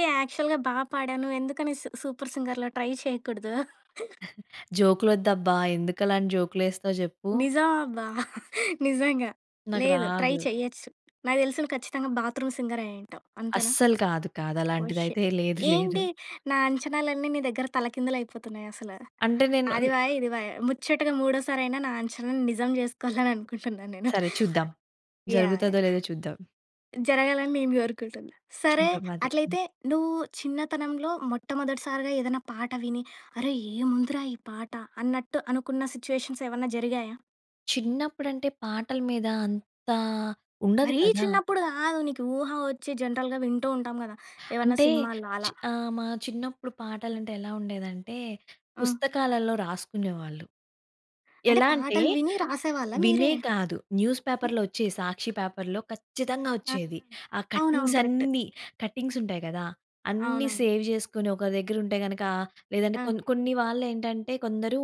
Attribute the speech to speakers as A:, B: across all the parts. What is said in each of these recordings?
A: ఏహ్! యాక్చువల్‌గా బా పాడావు. నువ్వెందుకని సూ 'సూపర్ సింగర్‌లో' ట్రై చేయకూడదు?
B: జోకులొద్దబ్బా! ఎందుకలాంటి జోకులేస్తావు జెప్పు.
A: నిజం అబ్బా! నిజంగా!
B: నాకు
A: లేదు, ట్రై
B: రాదు.
A: చెయ్యచ్చు. నాకు తెలిసి నువ్వు ఖచ్చితంగా బాత్రూమ్ సింగర్ అయుంటావు. అంతేనా?
B: అస్సలు కాదు.
A: ఓహ్!
B: కాదలాంటిదయితే
A: షిట్.
B: లేదు, లేదు.
A: ఏంటి! నా అంచనాలన్నీ నీ దగ్గర తలకిందులయిపోతున్నాయసల.
B: అంటే
A: అది
B: నేనున్
A: పాయే, ఇది పాయే. ముచ్చటగా మూడోసారయినా, నా అంచనాని నిజం జేసుకోవాలనుకుంటున్నాను నేను.
B: సరే చూద్దాం.
A: యాహ్!
B: జరుగుతదో
A: యాహ్!
B: లేదో చూద్దాం.
A: జరగాలని నేను గోరుకుంటున్నా. సరే.
B: చూద్దాం అదే. హ్మ్.
A: అట్లయితే నువ్వు చిన్నతనంలో మొట్టమొదటి సారిగా ఏదైనా పాట విని, అరె! ఏముందిరా ఈ పాట! అన్నట్టు అనుకున్న సిట్యుయేషన్స్ ఏవన్నా జరిగాయా?
B: చిన్నప్పుడంటే పాటల మీద అంతా ఉండదు
A: మరీ
B: కదా!
A: చిన్నప్పుడు కాదు. నీకు ఊహ వచ్చి జనరల్‌గా వింటూ ఉంటాం గదా! ఏవన్నా
B: అంటే
A: సినిమాల్లో
B: చి
A: అలా.
B: ఆహ్, మా చిన్నప్పుడు పాటలంటే ఎలా ఉండేదంటే,
A: ఆ!
B: పుస్తకాలల్లో రాసుకునేవాళ్ళు.
A: అంటే
B: ఎలా అంటే,
A: పాటలు విని రాసేవాళ్ళా
B: వినే
A: మీరే?
B: కాదు న్యూస్
A: హ్మ్.
B: పేపర్‌లో వచ్చేయి. సాక్షి పేపర్‌లో ఖచ్చితంగా
A: అవును.
B: వచ్చేది. ఆ
A: అవునవును.
B: Cuttings
A: correct.
B: అన్నీ కటింగ్స్ ఉంటాయి గదా! అన్నీ
A: అవునవును.
B: సేవ్ జేసుకొని ఒక దగ్గర ఉంటే గనక, లేదంటే
A: ఆ!
B: కొన్ని, కొన్ని వాళ్ళేంటంటే, కొందరు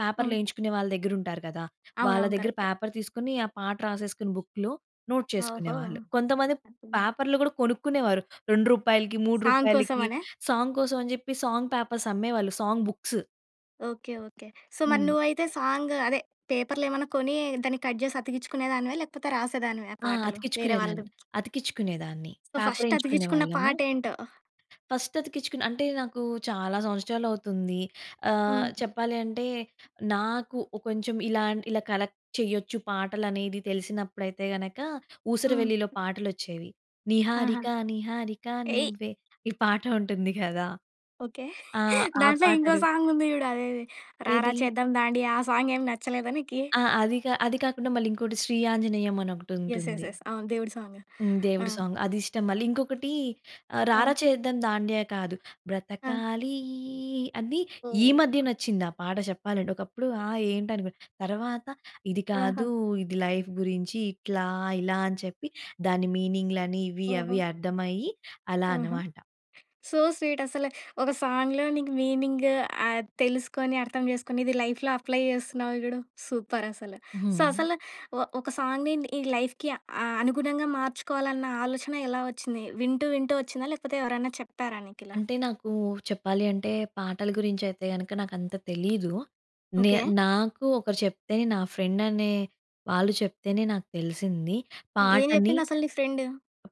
B: పేపర్‌లు
A: హ్మ్.
B: యేయించుకునే వాళ్ళ దగ్గర ఉంటారు కదా! వాళ్ళ
A: అవునవును.
B: దగ్గర
A: కరెక్టే.
B: పేపర్ తీసుకొని, ఆ పాట రాసేసుకుని బుక్‌లో నోట్
A: ఓహో!
B: చేసుకునేవాళ్ళు. కొంతమంది
A: హాపీ నా!
B: పేపర్‌లు గూడా కొనుక్కునేవారు. రూ. 2కి మూడు
A: సాంగ్
B: రూపాయలకి
A: కోసమనా?
B: సాంగ్ కోసం అని జెప్పి సాంగ్ పేపర్స్ అమ్మేవాళ్ళు song books.
A: Okay. Okay. So మరి
B: హ్మ్.
A: నువ్వయితే సాంగు అదే పేపర్‌లు ఏమన్నా కొని, దాన్ని కట్ జేసి అతికిచ్చుకునే దానివా? లేకపోతే రాసేదానివా
B: ఆ!
A: పాటలు వేరే వాళ్ళు?
B: అతికిచ్చుకునేదాన్ని. అతికిచ్చుకునేదాన్ని.
A: సో ఫస్ట్
B: పేపరేయించుకునే
A: అతికిచ్చుకున్న
B: వాళ్ళము.
A: పాటేంటో?
B: ఫస్ట్ అతికిచ్చుకుని అంటే నాకు చాలా సంవత్సరాలవుతుంది. ఆహ్,
A: హ్మ్.
B: చెప్పాలి అంటే, నాకు ఒ కొంచెం ఇలాంటి ఇలా కలెక్ట్ చేయొచ్చు. పాటలు అనేది తెలిసినప్పుడైతే గనక
A: హ్మ్.
B: 'ఊసరవెల్లిలో' పాటలొచ్చేవి.
A: ఆహా!
B: 'నిహారిక, నిహారిక
A: ఏయ్!
B: నువ్వే' ఈ పాట ఉంటుంది కదా!
A: ఓకే.
B: ఆ! ఆ
A: దాంట్లో ఇంకో
B: పాటలు
A: సాంగ్ ఉంది జూడు. అదేది! 'రారా
B: ఏది?
A: చేద్దాం దాండియా' ఆ సాంగ్ ఏం నచ్చలేదా నీకి?
B: ఆ! అది కా అది కాకుండా మళ్ళీ ఇంకోటి 'శ్రీ ఆంజనేయం' అని
A: యస్, యస్,
B: ఒకటుంటుంది.
A: యస్. అవును. దేవుడి సాంగు.
B: హ్మ్.
A: ఆ!
B: దేవుడు సాంగ్ అదిష్టం. మళ్ళీ ఇంకొకటీ ఆహ్, 'రారా
A: రా.
B: చేద్దాం దాండియా' కాదు.
A: ఆ!
B: 'బ్రతకాలీ' అది, ఈ
A: ఓహ్!
B: మధ్య నచ్చిందా పాట చెప్పాలంటే. ఒకప్పుడు ఆ! ఏంటి? అనుకునే. తరవాత ఇది కాదు
A: ఆహా!
B: ఇది లైఫ్ గురించి. ఇట్లా, ఇలా అని చెప్పి, దాని మీనింగ్‌లని, ఇవి
A: ఓహో!
B: అవి అర్థమయ్యి, అలా
A: హుహు.
B: అనమాట.
A: సో స్వీట్ అసల. ఒక సాంగ్‌లో నీకు మీనింగు ఆహ్, తెలుసుకొని, అర్థం చేసుకొని, ఇది లైఫ్‌లో అప్లై చేస్తున్నావు చూడు! సూపరసలు. సో
B: హ్మ్.
A: అసల ఒ ఒక సాంగ్ నింద్ ఈ లైఫ్‌కి అ అనుగుణంగా మార్చుకోవాలన్న ఆలోచన ఎలా వచ్చింది? వింటూ, వింటూ వచ్చిందా? లేకపోతే ఎవరైనా చెప్తారా నీకిలా?
B: అంటే నాకూ చెప్పాలి అంటే, పాటల గురించయితే గనక, నాకంత తెలీదు. నే
A: ఓకే.
B: నాకు ఒకరు చెప్తే నా ఫ్రెండనే వాళ్ళు చెప్తేనే నాకు తెలిసింది.
A: హ్మ్. ఏం
B: పాటని...
A: జెప్పింది అసలు నీ ఫ్రెండు?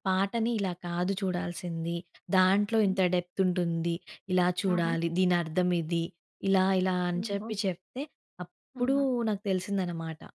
B: పాటని ఇలా కాదు చూడాల్సింది. దాంట్లో
A: హ్మ్.
B: ఇంత డెప్త్ ఉంటుంది. ఇలా
A: ఆహా!
B: చూడాలి. దీనర్థమిది. ఇలా, ఇలా అని
A: ఓహో!
B: చెప్పి చెప్తే, అప్పుడూ
A: ఆహా!
B: నాకు తెలిసిందనమాట.